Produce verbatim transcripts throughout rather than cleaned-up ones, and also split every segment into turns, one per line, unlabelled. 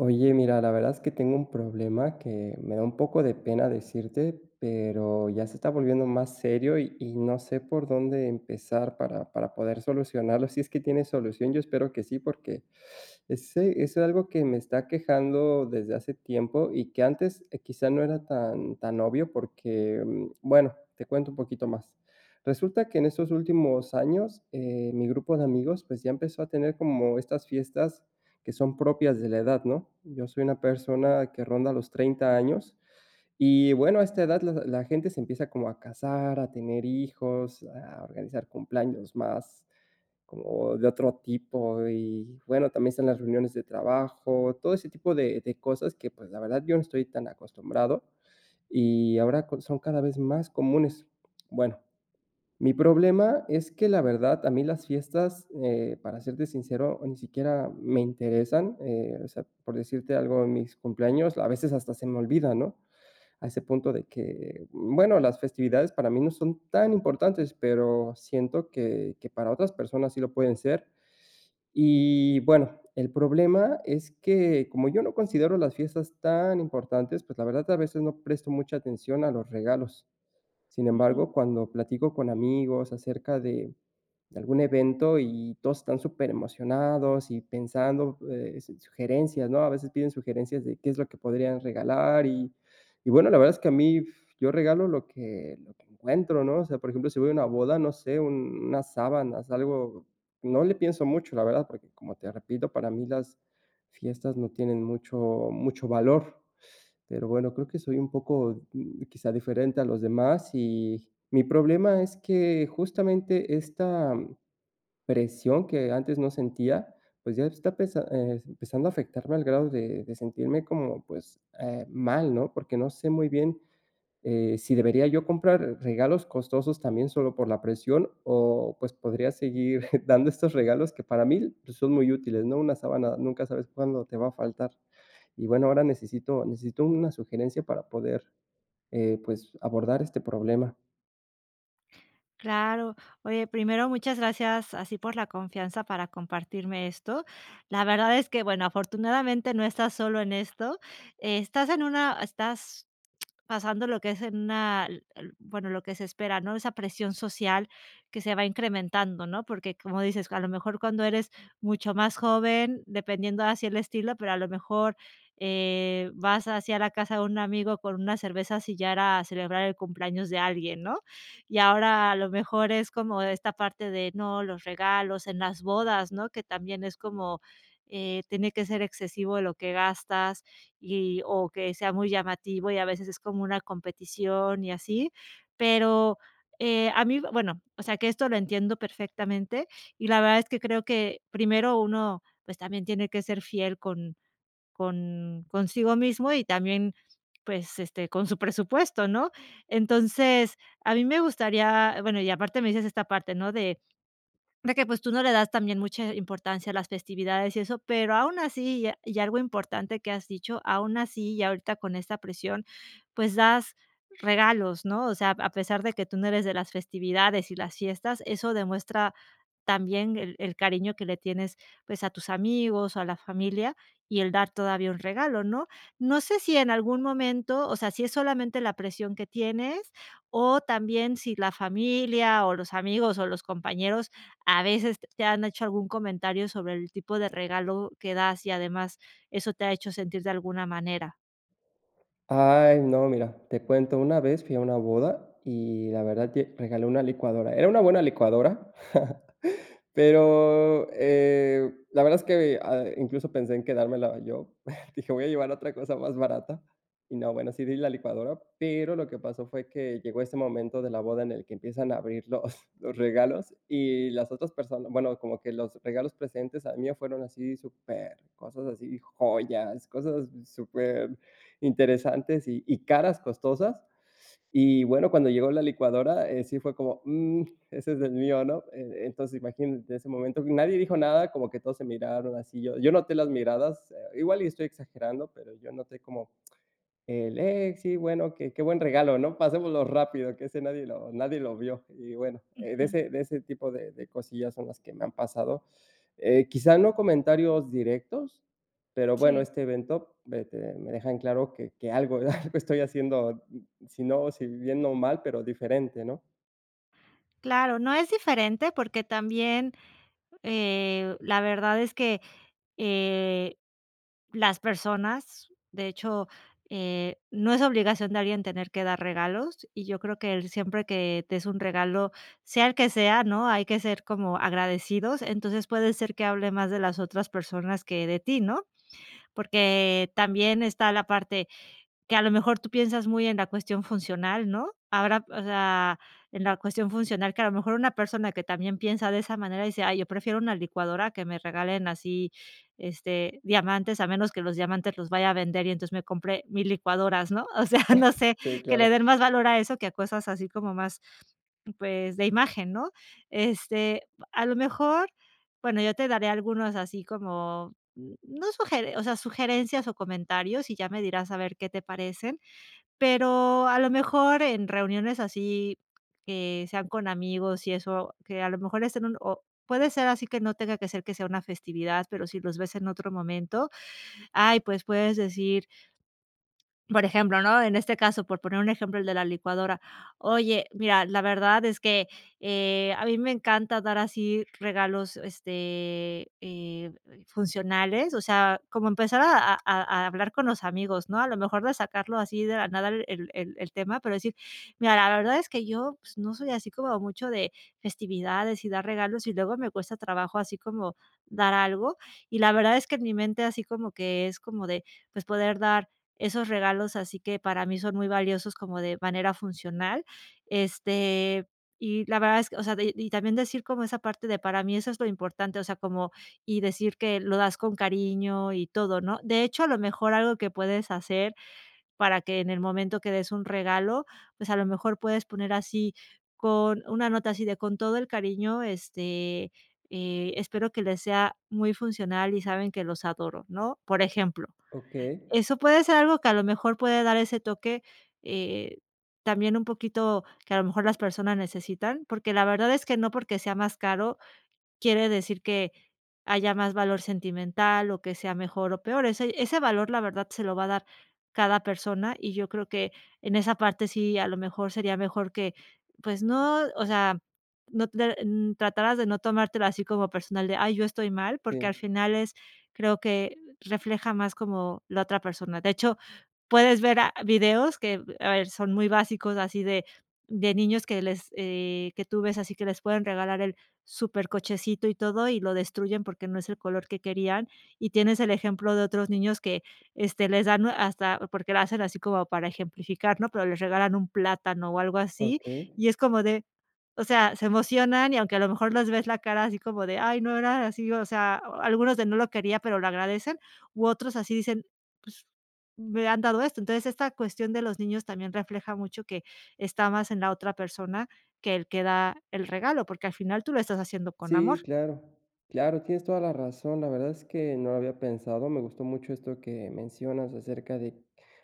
Oye, mira, la verdad es que tengo un problema que me da un poco de pena decirte, pero ya se está volviendo más serio y y no sé, por dónde empezar para para poder solucionarlo. Si es que tiene solución. Yo espero que sí, porque ese es es algo que me está aquejando desde hace tiempo y que antes, eh, quizás no era tan tan obvio porque, bueno, te cuento un poquito más. Resulta que en estos últimos años, eh, mi grupo de amigos, pues ya empezó a tener como estas fiestas que son propias de la edad, ¿no?, yo soy una persona que ronda los treinta años y, bueno, a esta edad la la gente se empieza como a casar, a tener hijos, a organizar cumpleaños, más como de otro tipo, y, bueno, también están las reuniones de trabajo. Todo ese tipo de de cosas que pues, la verdad, yo no estoy tan acostumbrado, y ahora con son cada vez más comunes. Bueno, mi problema es que la verdad, a mí las fiestas, eh, para serte sincero, ni siquiera me interesan, eh, o sea, por decirte algo, de mis cumpleaños a veces hasta se me olvidan, ¿no?, a ese punto de que bueno, las festividades para mí no son tan importantes, pero, siento que que para otras personas sí lo pueden ser. Y bueno, el problema es que, como yo no considero las fiestas tan importantes, pues la verdad, a veces no presto mucha atención a los regalos. Sin
Ujú.
embargo, cuando platico con amigos acerca de de algún evento y todos están superemocionados y pensando, eh, su sugerencias, no, a veces piden sugerencias de qué es lo que podrían regalar. Y y bueno, la verdad es que a mí, yo regalo lo que lo que encuentro, ¿no?, o sea, por ejemplo, si voy a una boda, no sé, un unas sábanas algo, no le pienso mucho, la verdad, porque, como te repito, para mí las fiestas no tienen mucho mucho valor. Pero bueno, creo que soy un poco, mm, quizás diferente a los demás. Y mi problema es que justamente, esta presión que antes no sentía. Pues, ya está pesa eh, empezando a afectarme al grado de de sentirme, como, pues, eh, mal, ¿no?, porque no sé muy bien, eh, si debería yo comprar regalos costosos también solo por la presión o, pues, podría seguir dando estos regalos que para mí son muy útiles, ¿no?, una sábana, nunca sabes cuándo te va a faltar, y bueno, ahora necesito necesito una sugerencia para poder, eh, pues, abordar este problema.
Claro, oye, primero, muchas gracias así por la confianza para compartirme esto. La verdad es que bueno, afortunadamente no estás solo en esto, estás en una estás pasando lo que es en una el el bueno, lo que se espera, ¿no? Esa presión social que se va incrementando, ¿no? Porque, como dices, a lo mejor cuando eres mucho más joven, dependiendo así el estilo, pero a lo mejor, eh, vas así a la casa de un amigo con unas cervezas, y ya era celebrar el cumpleaños de alguien, ¿no? Y ahora a lo mejor es como esta parte de no los regalos en las bodas, ¿no? Que también es como, eh, tiene que ser excesivo lo que gastas, y o que sea muy llamativo, y a veces es como una competición y así. Pero, eh, a mí bueno o sea, que esto lo entiendo perfectamente. Y la verdad es que creo que primero uno, pues, también tiene que ser fiel con con consigo mismo y también, pues, este, con su presupuesto, ¿no? Entonces a mí me gustaría, bueno y aparte me dices esta parte, ¿no?, de de que, pues, tú no le das también mucha importancia a las festividades y eso, pero aún así, y a y algo importante que has dicho, aún así, y ahorita con esta presión, pues, das regalos, ¿no? O sea, a pesar de que tú no eres de las festividades y las fiestas, eso demuestra también el el cariño que le tienes, pues, a tus amigos, o a la familia y el dar todavía un regalo, ¿no? No sé si en algún momento o sea, si es solamente la presión que tienes, o también si la familia, o los amigos, o los compañeros a veces te han hecho algún comentario sobre el tipo de regalo que das, y además eso te ha hecho sentir de alguna manera.
Ay, no, mira, te cuento. Una vez fui a una boda y la verdad lle regalé una licuadora. Era una buena licuadora. Pero, eh, la verdad es que, ve ah, incluso pensé en quedármela yo, dije: "Voy a llevar otra cosa más barata", y no, bueno, sí di la licuadora, pero lo que pasó fue que llegó ese momento de la boda en el que empiezan a abrir los, los regalos y las otras persona Bueno, como que los regalos precedentes al mío fueron así supercosas, así, joyas, cosas superinteresantes y y caras costosas. Y bueno, cuando llegó la licuadora, eh, sí fue como: "Mm, ese es el mío, ¿no?". Entonces imagínate ese momento, nadie dijo nada, como que todos se miraron así. Yo yo noté las miradas, eh, igual y estoy exagerando, pero yo noté como el eh, sí, bueno: "Qué qué buen regalo, ¿no? Pasémoslo rápido, que ese nadie lo nadie lo vio", y bueno, eh, de
Ujú.
ese de ese tipo de de cosillas son las que me han pasado. Eh, quizá no comentarios directos. Pero bueno,
Sí.
este evento me te me deja en claro que que algo eh, algo estoy haciendo, mm, mm, si no si viviendo mal, pero diferente, ¿no?
Claro, no es diferente porque también, eh, la verdad es que, eh, las personas, de hecho, eh, no es obligación de alguien tener que dar regalos, y yo creo que siempre que t es un regalo, sea el que sea, ¿no?, hay que ser como agradecidos, entonces, puede ser que hable más de las otras personas que de ti, ¿no? Porque también está la parte, que a lo mejor tú piensas muy en la cuestión funcional, ¿no? Ahora, o sea, en la cuestión funcional que a lo mejor una persona que también piensa de esa manera y dice: "Ay, yo prefiero una licuadora, a que me regalen así, este, diamantes a menos que los diamantes los vaya a vender, y entonces me compre mi licuadoras", ¿no?, o sea, no sé,
Sí,
que le
claro.
den más valor a eso que a cosas así como más, pues, de imagen, ¿no? Este, pa a lo mejor, bueno, yo te daré algunos así como, mm, no sugeren o sea, sugerencias o comentarios, y ya me dirás a ver qué te parecen, pero, a lo mejor en reuniones así que sean con amigos y eso, que a lo mejor es en un o puede ser así que no tenga que ser que sea una festividad, pero, si los ves en otro momento, ay, pues puedes decir por ejemplo, ¿no?, en este caso, por poner un ejemplo, el de la licuadora: "Oye, mira, la verdad es que, eh, a mí me encanta dar así regalos, este, eh, funcionales", o sea, como empezar a a a a hablar con los amigos, ¿no? A lo mejor de sacarlo así de la nada el el el tema, pero, decir: "Mira, la verdad es que yo, no soy así como mucho de de festividades y dar regalos y luego me cuesta trabajo, así como dar algo, y la verdad es que en mi mente, así como que es como de, pues, poder dar esos regalos, así que para mí son muy valiosos, como de manera funcional, este, y la verdad es que", o sea, y y también decir como esa parte de, para mí eso es lo importante, o sea, como y decir que lo das con cariño y todo, ¿no?, de hecho, a lo mejor algo que puedes hacer, para que en el momento que des un regalo, pues, a lo mejor puedes poner así con una nota así de: "Con todo el cariño, este, eh, espero que les sea muy funcional y saben que los adoro", ¿no?, por ejemplo.
Okey.
Eso puede ser algo que a lo mejor puede dar ese toque, eh, también un poquito que a lo mejor las personas necesitan porque, la verdad es que no porque, sea más caro quiere decir que haya más valor sentimental o que sea mejor o peor, ese ese valor, la verdad, se lo va a dar cada persona, y yo creo que en esa parte sí, a lo mejor sería mejor que, pues no, o sea, no, eh, mm, tratarás de no tomártelo así como personal de: "Ay, yo estoy mal", porque, al
Sí.
final es creo que refleja más como la otra persona, de hecho, puedes ver a videos que, a ver son muy básicos así de de niños que les, eh, que tú ves, así que les pueden regalar el súper cochecito y todo, y lo destruyen porque, no es el color que querían, y tienes el ejemplo de otros niños que este, les dan hasta porque lo hacen así como para ejemplificar, ¿no? Pero, les regalan un plátano o algo así,
Okey.
y es como de o sea, se emocionan y aunque a lo mejor les ves la cara, así como de: "Ay, no era así," o sea, algunos de no lo quería, pero, lo agradecen u otros así dicen: "Pues, me han dado esto", entonces esta cuestión de los niños también refleja mucho que está más en la otra persona, que el que da el regalo, porque, al final tú lo estás haciendo con
Sí,
amor.
claro claro, tienes toda la razón, la verdad es que no lo había pensado, me gustó mucho esto que mencionas acerca de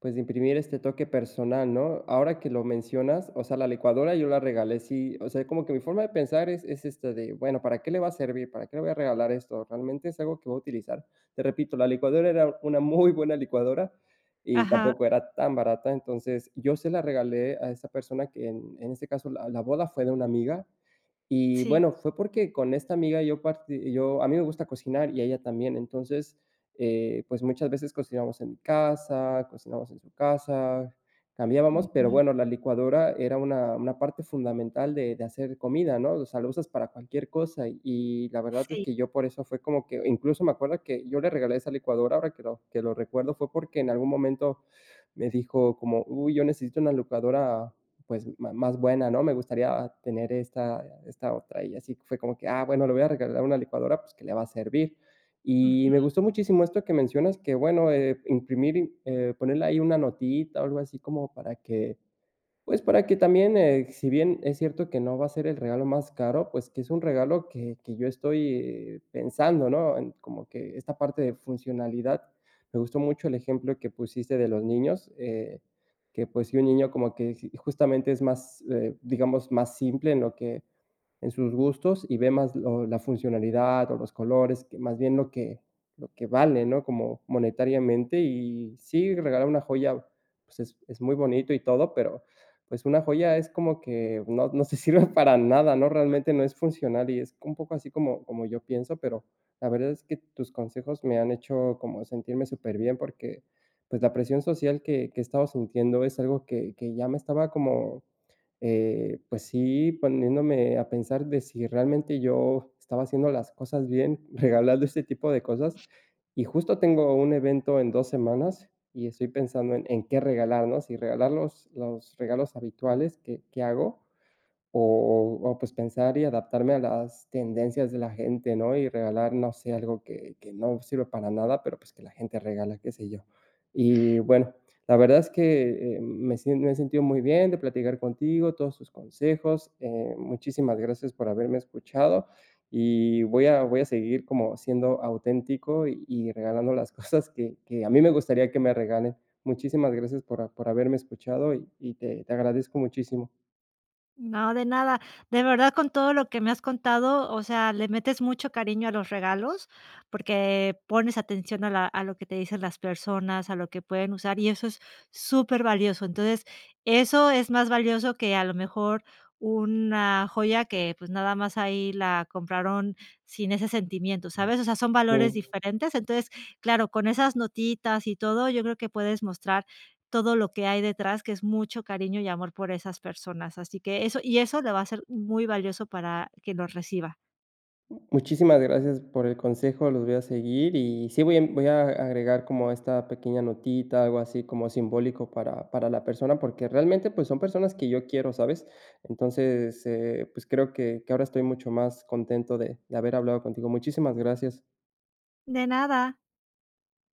pues, de imprimir este toque personal, ¿no? Ahora que lo mencionas, o sea, la licuadora, yo la regalé, sí, o sea, como que mi forma de pensar es es, este, de bueno, ¿para qué le va a servir? ¿Para qué le voy a regalar esto? ¿Realmente es algo que va a utilizar? Te repito, la licuadora era una muy buena licuadora y
Ajá.
tampoco era tan barata, entonces yo se la regalé a esa persona, que en este caso la la boda fue de una amiga, y
Sí.
bueno, fue porque, con esta amiga yo parti yo a mí me gusta cocinar y a ella también, entonces, eh, pues, muchas veces cocinamos en mi casa, cocinamos en su casa, cambiábamos, pero
Ujú.
bueno, la licuadora era una una parte fundamental de de hacer comida, ¿no?, o sea la usas para cualquier cosa, y la verdad es
Sí.
que, yo por eso fue como que incluso me acuerdo que yo le regalé esa licuadora ahora que lo que lo recuerdo fue porque, en algún momento me dijo: como: "Uy, yo necesito una licuadora, pues, ma más buena, ¿no?, me gustaría tener esta esta otra", y así fue como que: "Ah, bueno, le voy a regalar una licuadora pues, que le va a servir", y me
Ujú.
gustó muchísimo esto que mencionas que bueno, eh, imprimir, eh, ponerle ahí una notita, algo así como para que pues, para que también, eh, si bien es cierto que no va a ser el regalo más caro, pues, que es un regalo que que yo estoy pensando, ¿no? En como que esta parte de funcionalidad, me gustó mucho el ejemplo que pusiste de los niños, eh, que pues, si un niño como que justamente es más, eh, digamos, más simple en lo que en sus gustos, y ve más lo la funcionalidad o los colores que más bien lo que lo que vale, ¿no?, como monetariamente y si regalar una joya, pues, es es muy bonito y todo, pero pues, una joya es como que no no te sirve para nada, ¿no? Realmente no es funcional y es un poco así como como yo pienso, pero, la verdad es que tus consejos me han hecho como sentirme súper bien, porque, pues, la presión social que que he estado sintiendo, es algo que que ya me estaba como, eh, pues sí, poniéndome a pensar de si realmente yo estaba haciendo las cosas bien, regalando este tipo de cosas, y justo tengo un evento en dos, semanas y estoy pensando en en qué regalar, ¿no? Si regalar los los regalos habituales que que hago, o o pues, pensar y adaptarme a las tendencias de la gente, ¿no?, y regalar, no sé, algo que que no sirve para nada, pero pues, que la gente regala, qué sé yo. Y bueno, la verdad es que, eh, me sien me he sentido muy bien de platicar contigo, todos tus consejos, eh, muchísimas gracias por haberme escuchado y voy a voy a seguir como siendo auténtico y regalando las cosas que que a mí me gustaría que me regalen. Muchísimas gracias por por haberme escuchado y y te te agradezco muchísimo.
No, de nada, de verdad, con todo lo que me has contado, o sea, le metes mucho cariño a los regalos, porque pones atención a la a lo que te dicen las personas, a lo que pueden usar y eso es súper valioso, entonces eso es más valioso, que a lo mejor una joya que pues nada más ahí la compraron sin ese sentimiento, ¿sabes?, o sea, son valores
Mm.
diferentes, entonces, claro, con esas notitas y todo, yo creo que puedes mostrar todo lo que hay detrás, que es mucho cariño y amor por esas personas, así que eso y eso le va a ser muy valioso para quien lo reciba.
M muchísimas gracias por el consejo, los voy a seguir y sí voy a voy a agregar como esta pequeña notita, algo así como simbólico para para la persona, porque, realmente pues son personas que yo quiero, ¿sabes?, entonces, eh, pues, creo que que ahora estoy mucho más contento de haber hablado contigo. Muchísimas gracias.
De nada.